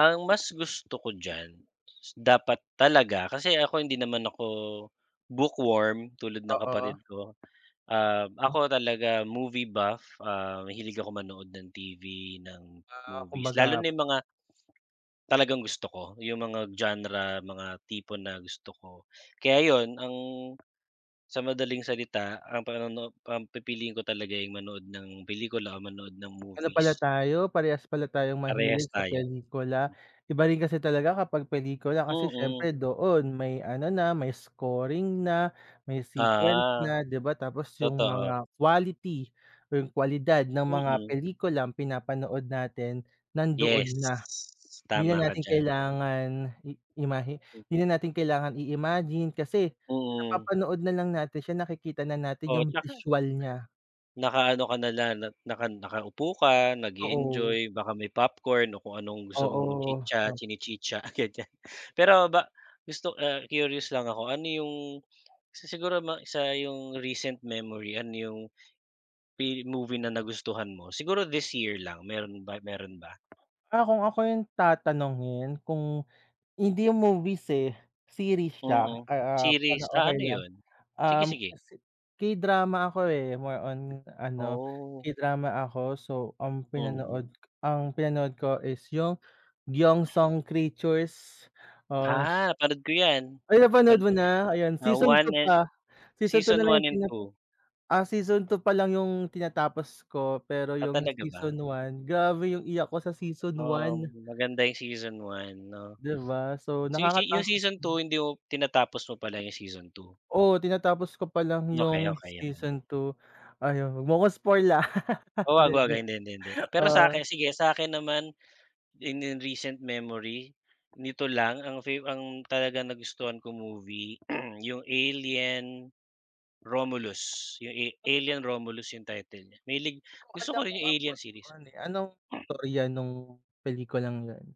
Ang mas gusto ko diyan, dapat talaga kasi ako hindi naman ako bookworm, tulad ng Oo. kapatid ko. Um, Oo. ako talaga movie buff, ah, mahilig ako manood ng TV, ng Ah, movies lalo kumbaga na yung mga talagang gusto ko, yung mga genre, mga tipo na gusto ko. Kaya yun ang sa madaling salita ang panonoo ang pipiliin ko talaga yung manood ng pelikula o manood ng Ano pala movies. tayo, parehas pala tayong mahilig Parehas sa tayo. pelikula. Iba rin kasi talaga kapag pelikula kasi Mm. siyempre doon may ano na, may scoring na, may sequence Ah. na di ba. Tapos yung Totoo. mga quality o yung kwalidad ng mga Mm. pelikulang pinapanood natin nandoon na Yes. hindi Tama na ka natin diyan. kailangan i imahe Hmm. di na natin kailangan i-imagine kasi Mm. napapanood na lang natin siya, nakikita na natin Oo, yung tsaka visual nya. naka-ano ka na lang, na naka nakaupo ka Oo. nage-enjoy, baka may popcorn o kung anong gusto mong Oo, chitsa um chinichitsa, ganyan. [unintelligible] Pero ba gusto ah, curious lang ako, ano yung, isa siguro ma sa yung recent memory, ano yung Pi-movie na nagustuhan mo siguro this year lang meron ba, meron ba? Ah, kung ako yung tatanungin, kung, hindi yung movies, eh, series siya. Mm. Ah, Series, ah, ah, okey ano lang yun? Sige, um, sige. K-drama ako, eh, more on ano Oh. K-drama ako. So, ang Mm. pinanood ang pinanood ko is yung "경성 Creatures" as Ah, panood ko yan. Ay! Napanood Panood mo ko yan. na? Ayan Ah, season 1 2 and, pa. Season 2 na season lang 1 yung and pinap 2. ah, season 2 pa lang yung tinatapos ko, pero Ah, yung talaga ba? season 1, grabe yung iyak ko sa season 1. Um, maganda yung season 1 'no. Di ba, so Se se, yung nakakatakot season nga. 2 hindi mo tinatapos mo pala yung season 2. Oo, tinatapos ko palang Okey, yung okey, okey. season 2, ayun, wag mo ako spoil, ah, Oo, di wag, wag, joke, hindi, hindi, hindi. Pero oo. sa'kin, sige sa akin naman, in in recent memory nito lang, ang favor ang talagang nagustuhan kong movie, yung "Alien Romulus" yung [unintelligible] "Alien Romulus" yung title eh, mahilig, gusto Maganda, ko rin kung yung Alien Apple, series. eh, anong istorya nung pelikulang yun?